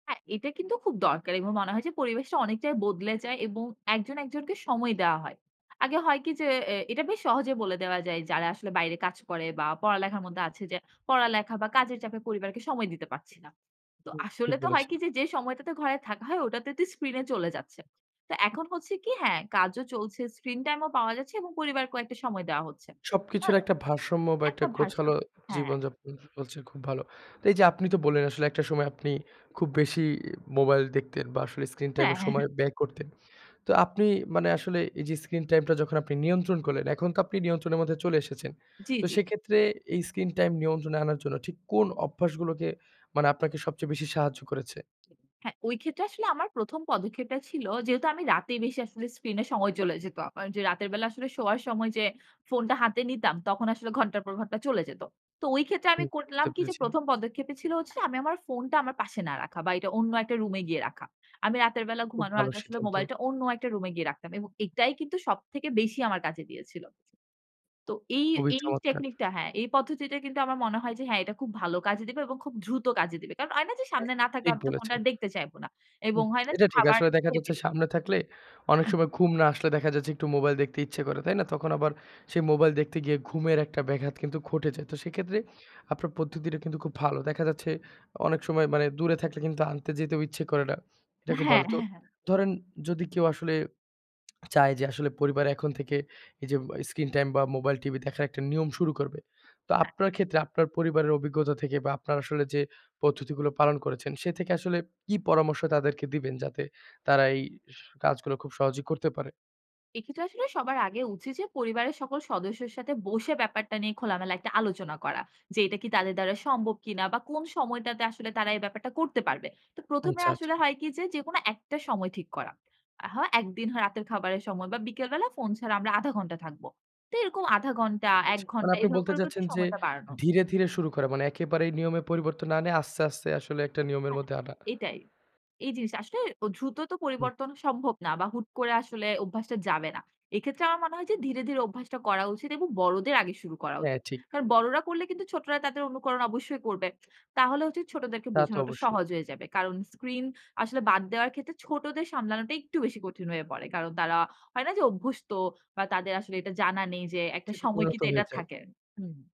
হ্যাঁ, এটা কিন্তু খুব দরকার এবং মনে হয় যে পরিবেশটা অনেকটাই বদলে যায় এবং একজন একজনকে সময় দেওয়া হয়। আগে হয় কী যে, এ এটা বেশ সহজে বলে দেওয়া যায় যারা আসলে বাইরে কাজ করে বা পড়ালেখার মধ্যে আছে যে পড়ালেখা বা কাজের চাপে পরিবারকে সময় দিতে পারছি না। তো হুম, আসলে ঠিক তো হয় বলেছে। কী যে, যে সময়টাতে ঘরে থাকা হয়, ওটাতে তো স্ক্রিনে চলে যাচ্ছে। তো এখন হচ্ছে কী হ্যাঁ, কাজও চলছে, স্ক্রিন টাইমও পাওয়া যাচ্ছে এবং পরিবারকেও একটা সময় দেওয়া হচ্ছে। সবকিছুর ভালো একটা ভারসাম্য বা একটা একটা ভাষা, হ্যাঁ। একটা ভারসাম গোছালো হ্যাঁ। জীবনযাপন চলছে খুব ভালো। তো এই যে আপনি তো বললেন, আসলে একটা সময় আপনি খুব বেশি মোবাইল দেখতেন বা আসলে স্ক্রিন হ্যাঁ, টাইমে হ্যাঁ, সময় হ্যাঁ। ব্যয় করতেন। তো আপনি মানে আসলে এই যে স্ক্রিন টাইমটা যখন আপনি নিয়ন্ত্রণ করলেন, এখন তো আপনি নিয়ন্ত্রণের মধ্যে চলে এসেছেন। জি, তো জি। সেক্ষেত্রে এই স্ক্রিন টাইম নিয়ন্ত্রণে আনার জন্য ঠিক কোন অভ্যাসগুলোকে মানে আপনাকে সবচেয়ে বেশি সাহায্য করেছে? হ্যাঁ, ওই ক্ষেত্রে আসলে আমার ১ম পদক্ষেপটা ছিল, যেহেতু আমি রাতে বেশি আসলে স্ক্রিনে সময় চলে যেত আমার। যে রাতের বেলা আসলে শোয়ার সময় যে ফোনটা হাতে নিতাম, তখন আসলে ঘণ্টার পর ঘণ্টা চলে যেত। তো ওই ক্ষেত্রে আমি হুম করলাম বুঝতে কী যে, পেরেছি। প্রথম পদক্ষেপই ছিল হচ্ছে আমি আমার ফোনটা আমার পাশে না রাখা বা এটা অন্য একটা রুমে গিয়ে রাখা। আমি রাতের বেলা খুব ঘুমানোর ভালো আগে আসলে সিদ্ধান্ত। মোবাইলটা অন্য একটা রুমে গিয়ে রাখতাম এবং এটাই কিন্তু সবথেকে বেশি আমার কাজে দিয়েছিল। তো এই, খুবই এই চমৎকার। টেকনিকটা হ্যাঁ, এই পদ্ধতিতে কিন্তু আমার মনে হয় যে, হ্যাঁ, এটা খুব ভালো কাজে দিবে এবং খুব দ্রুত কাজে দিবে। কারণ হয় না যে হ্যাঁ, সামনে না থাকলে ঠিক আমি তো ফোনটা বলেছেন। দেখতে চাইব না এবং হুম, হয় না যে এটা ঠিক। খাবার আসলে দেখা খেয়ে যাচ্ছে দিল। সামনে থাকলে অনেক হুম। সময় ঘুম না আসলে দেখা যাচ্ছে একটু মোবাইল দেখতে ইচ্ছে করে। তাই না? তখন আবার সেই মোবাইল দেখতে গিয়ে ঘুমের একটা ব্যাঘাত কিন্তু ঘটে যায়। তো সেক্ষেত্রে আপনার পদ্ধতিটা কিন্তু খুব ভালো। দেখা যাচ্ছে অনেক সময় মানে দূরে থাকলে কিন্তু আনতে যেতেও ইচ্ছে করে না। এটা খুব ভালো। হ্যাঁ। তো হ্যাঁ, হ্যাঁ। ধরেন যদি কেউ আসলে চায় যে আসলে পরিবার এখন থেকে এই যে মোবা স্ক্রিন টাইম বা মোবাইল, টিভি দেখার একটা নিয়ম শুরু করবে। তো হ্যাঁ। আপনার ক্ষেত্রে আপনার পরিবারের অভিজ্ঞতা থেকে বা আপনার আসলে যে পদ্ধতিগুলো পালন করেছেন, সে থেকে আসলে কী পরামর্শ তাদেরকে দিবেন যাতে তারা এই কাজগুলো খুব সহজেই করতে পারে? এক্ষেত্রে আসলে সবার আগে উচিত যে পরিবারের সকল সদস্যের সাথে বসে ব্যাপারটা নিয়ে খোলামেলা একটা আলোচনা করা। যে এটা কি তাদের দ্বারা সম্ভব কিনা বা কোন সময়টাতে আসলে তারা এই ব্যাপারটা করতে পারবে? তো প্রথমে আচ্ছা, আচ্ছা। আসলে হয় কী যে, যেকোনো একটা সময় ঠিক করা। আহা একদিন হয় রাতের খাবারের সময় বা বিকেলবেলা ফোন ছাড়া আমরা ০.৫ ঘন্টা থাকব। তো এরকম আধা ঘণ্টা, ঠিক এক আছে। মানে ঘন্টা আপনি এভাবে বলতে করে, করে একটু চাচ্ছেন যে সময়টা বাড়ানো। ধীরে, ধীরে শুরু করা। মানে একেবারেই নিয়মে পরিবর্তন না এনে, আস্তে, আস্তে আসলে একটা নিয়মের হ্যাঁ, মধ্যে হ্যাঁ। আনা। এটাই। এই জিনিসটা আসলে দ্রুত তো হুম। পরিবর্তন সম্ভব না বা হুট করে আসলে অভ্যাসটা যাবে না। এক্ষেত্রে আমার মনে হয় যে ধীরে, ধীরে অভ্যাসটা করা উচিত এবং বড়দের আগে শুরু করা হ্যাঁ উচিত। ঠিক। কারণ বড়রা করলে কিন্তু ছোটরা তাদের অনুকরণ অবশ্যই করবে। তাহলে হচ্ছে ছোটদেরকে তা তো বোঝানোটা অবশ্যই। সহজ হয়ে যাবে। কারণ স্ক্রিন আসলে বাদ দেওয়ার ক্ষেত্রে ছোটদের সামলানোটা একটু বেশি কঠিন হয়ে পড়ে। কারণ তারা হয় না যে অভ্যস্ত বা তাদের আসলে এটা জানা নেই যে উক একটা চিপে সময় করেও তো কিন্তু এটা হয়ে যায়। থাকে। হুম।